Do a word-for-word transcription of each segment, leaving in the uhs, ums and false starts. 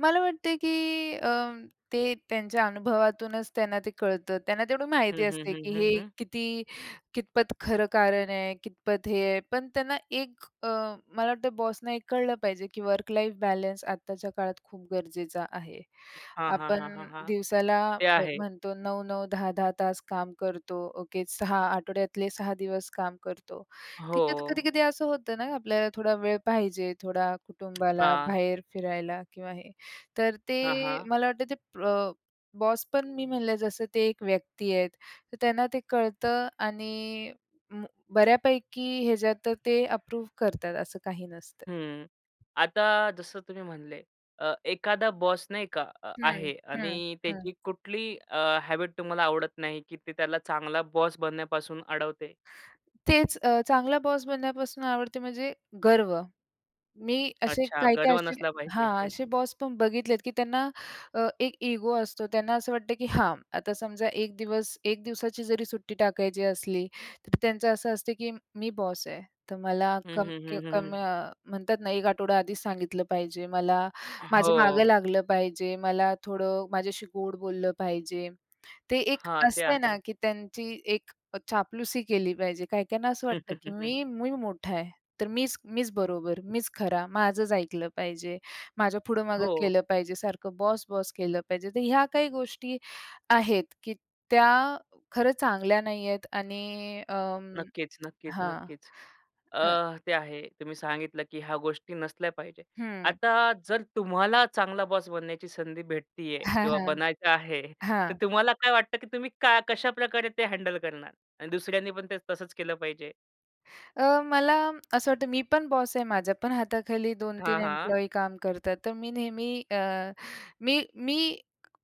मला वाटते की अ, ते त्यांच्या अनुभवातूनच त्यांना ते कळतं. त्यांना तेवढी हं, माहिती हं, असते हं, की हं, हे हं. किती, कितपत खरं कारण आहे, कितपत हे आहे? पण त्यांना एक अ, मला वाटतं बॉसना एक कळलं पाहिजे की वर्क लाईफ बॅलन्स आत्ताच्या काळात खूप गरजेचा आहे. हां, हां, आपण हां, हां, हां. दिवसाला ते आहे. म-म्हणतो नऊ-नऊ दहा-दहा तास काम करतो, ओके सहा आठवड्यातले सहा दिवस काम करतो, ठीक आहे. तर हो. कधी-कधी असं होतं ना आपल्याला थोडा वेळ पाहिजे, थोडा कुटुंबाला हां. बाहेर फिरायला किंवा हे. तर हां, ते हां. मला वाटतं ते प्र बॉस पण मी म्हणलं जसं ते एक व्यक्ती आहेत तर त्यांना ते कळतं आणि म बऱ्यापैकी ह्याच्यात तर ते अप्रूव्ह करतात. असं काही नसतं. हं, आता जसं तुम्ही म्हणले अ, एखादा बॉस नाही का अ हं, आहे हं, आणि हं. त्याची कुठली अ, हॅबिट तुम्हाला आवडत नाही की ते त्याला चांगला बॉस बनण्यापासून अडवते? तेच अ, चांगला बॉस बनण्यापासून आवडते म्हणजे गर्व. मी असे अच्छा काही-काही गर्व असे नसला पाहिजे. हां असे बॉस पण बघितलेत की त्यांना अ, एक इगो असतो. त्यांना असं वाटतं की हां. आता समजा एक दिवस, एक दिवसाची जरी सुट्टी टाकायची असली तर त्यांचं असं असतं की "मी बॉस आहे. तर मला हं, कम हं, की हं, हं, कमी" हं. अ, म्हणतात ना, "एक आठवडा आधीच सांगितलं पाहिजे. मला, माझ्या मागं हो. लागलं पाहिजे, मला थोडं माझ्याशी गोड बोललं पाहिजे." ते एक हां, ते असतं आहे. ना, की त्यांची एक चापलुसी केली पाहिजे. काही-काहीना असं वाटतं की मी, मी मोठा आहे, तर मीच, मीच बरोबर, मीच खरा, माझंच ऐकलं पाहिजे, माझ्या पुढं-मागं हो. केलं पाहिजे, सारखं बॉस-बॉस केलं पाहिजे. तर ह्या काही गोष्टी आहेत की त्या खरंच चांगल्या नाहीयेत आणि अ, नक्कीच, नक्कीच, हां, नक्कीच. हं. अ, ते आहे. तुम्ही सांगितलं की ह्या गोष्टी नसल्या पाहिजेत. हं. आता जर तुम्हाला चांगला बॉस बनण्याची संधी भेटतीये किंवा बनायचं आहे, तर हां. तुम्हाला काय वाटतं की तुम्ही का? कशाप्रकारे ते हँडल करणार? आणि दुसऱ्यांनी पण ते तसंच केलं पाहिजे? अ, मला असं वाटतं, मी पण बॉस आहे. माझ्या पण हाताखाली दोन हां, तीन हां. एम्प्लॉयी काम करतात. तर मी नेहमी अ, मी, मी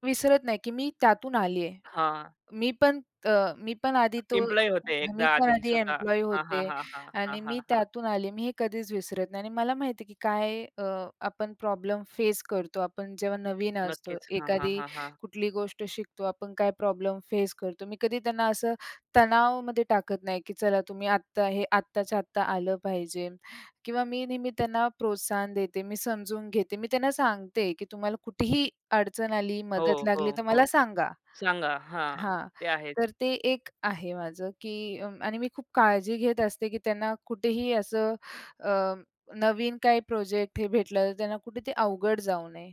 विसरत नाही की मी त्यातून आली आहे. हां. मी पण, अ, मी पण आधी तो एम्प्लॉयी होते मी एकदा पण आधी आधी स्वतः? एम्प्लॉयी हां, हां, होते हां, हां, हां, आणि हां, मी हां. त्यातून आले, मी हे कधीच विसरत नाही आणि मला माहिती आहे की काय अ, आपण प्रॉब्लेम फेस करतो. आपण जेव्हा नवीन असतो, नक्कीच. हां, हां, एखादी हां, हां. कुठली गोष्ट शिकतो, आपण काय प्रॉब्लेम फेस करतो. मी कधी त्यांना असं तणावामध्ये टाकत नाही की चला तुम्ही आत्ता हे आत्ताच्या-आत्ता आलं पाहिजे किंवा मी नेहमी त्यांना प्रोत्साहन देते. मी समजून घेते. मी त्यांना सांगते की तुम्हाला कुठेही अडचण आली, हो, मदत हो, लागली तर हो, मला सांगा सांगा. हां, हां, ते आहेच. तर ते एक आहे माझं की उम्म आणि मी खूप काळजी घेत असते की त्यांना कुठेही असं अ, नवीन काही प्रोजेक्ट हे भेटलं तर त्यांना कुठे ते अवघड जाऊ नये.